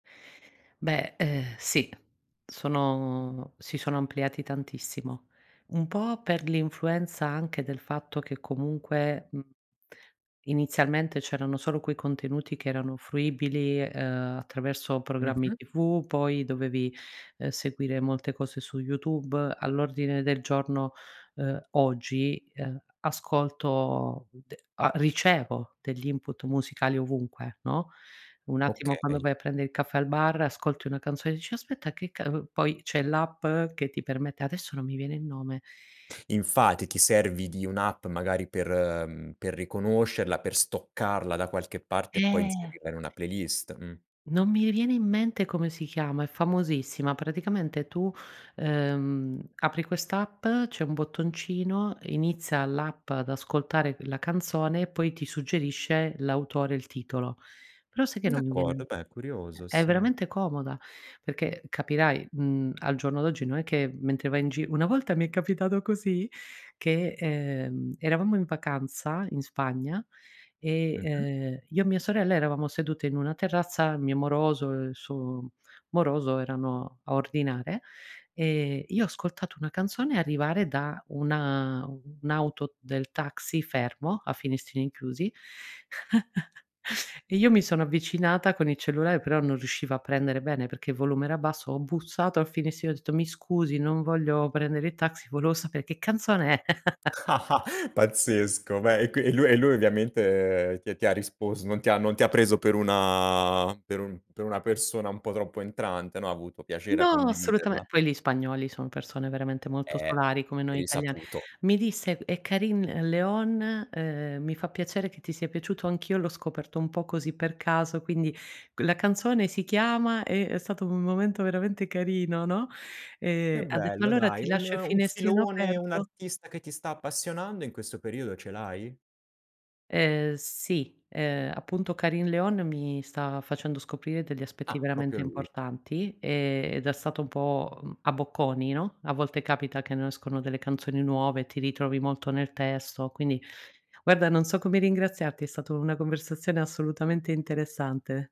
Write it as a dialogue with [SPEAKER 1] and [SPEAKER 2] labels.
[SPEAKER 1] Beh, uhm, sì, sono si sono ampliati tantissimo. Un po' per l'influenza anche del fatto che comunque mhmm, inizialmente c'erano solo quei contenuti che erano fruibili, uhm, attraverso programmi
[SPEAKER 2] Mh-mh.
[SPEAKER 1] TV, poi dovevi, uhm, seguire molte cose su YouTube. All'ordine del giorno uhm, oggi, uhm, ascolto, d a ricevo degli input musicali ovunque, no, un attimo quando
[SPEAKER 2] Okay.
[SPEAKER 1] vai a prende il caffè al bar, ascolti una canzone e dici: "Aspetta che ca" poi c'è l'app che ti permette, adesso non mi viene il nome.
[SPEAKER 2] Infatti, ti servi di un'app magari per mhmm, per riconoscerla, per stoccarla da qualche parte, e poi
[SPEAKER 1] Eh.
[SPEAKER 2] inserirla in una playlist, mh.
[SPEAKER 1] Non mi viene in mente come si chiama, è famosissima. Praticamente tu, uhm, apri quest'app, c'è un bottoncino, inizia l'app ad ascoltare la canzone, e poi ti suggerisce l'autore, il titolo. Però sai che non mi viene
[SPEAKER 2] D'accordo, beh curioso,
[SPEAKER 1] è
[SPEAKER 2] sì.
[SPEAKER 1] veramente comoda, perché capirai, mhmm, al giorno d'oggi, non è che mentre vai in gi una volta mi è capitato così che, ehm, eravamo in vacanza in Spagna e,
[SPEAKER 2] Mh-mh.
[SPEAKER 1] ehm, io e mia sorella eravamo sedute in una terrazza, il mio moroso e il suo moroso, erano a ordinare, e io ho ascoltato una canzone arrivare da una un'auto del taxi, fermo a finestrini chiusi, e io mi sono avvicinata con il cellulare, però non riusciva a prendere bene perché il volume era basso, ho bussato al finestrino, ho detto: "Mi scusi, non voglio prendere il taxi, volevo sapere che canzone è?"
[SPEAKER 2] Pazzesco. Beh, e qui e lui e lui ovviamente ti ti ha risposto, non ti ha non ti ha preso per una per un per una persona un po' troppo entrante, no, ha avuto piacere a
[SPEAKER 1] No, assolutame
[SPEAKER 2] condividerla?
[SPEAKER 1] poi li spagnoli, son persone veramente molto
[SPEAKER 2] Eh,
[SPEAKER 1] solari, come
[SPEAKER 2] è
[SPEAKER 1] noi italiani.
[SPEAKER 2] risaputo.
[SPEAKER 1] Mi disse: "È Carin Leon, uhm, mi fa piacere che ti sia piaciuto, anch'io l'ho scoperto un po' così per caso, quindi q la canzone si chiama" e è stato un momento veramente carino, no e
[SPEAKER 2] Che
[SPEAKER 1] ha detto:
[SPEAKER 2] bello
[SPEAKER 1] "Allora
[SPEAKER 2] dai,
[SPEAKER 1] ti
[SPEAKER 2] un
[SPEAKER 1] lascio il
[SPEAKER 2] un
[SPEAKER 1] finestrino
[SPEAKER 2] filone, un
[SPEAKER 1] aperto."
[SPEAKER 2] artista che ti sta appassionando in questo periodo ce l'hai?
[SPEAKER 1] Ehm sì, ehm, appunto Carin Leon, mi sta facendo scoprire degli aspetti
[SPEAKER 2] Ah, proprio
[SPEAKER 1] veramente
[SPEAKER 2] lui.
[SPEAKER 1] importanti, ed è stato un po', mhmm, a bocconi, no, a volte capita che nascono delle canzoni nuove, ti ritrovi molto nel testo. Quindi guarda, non so come ringraziarti, è stata una conversazione assolutamente interessante.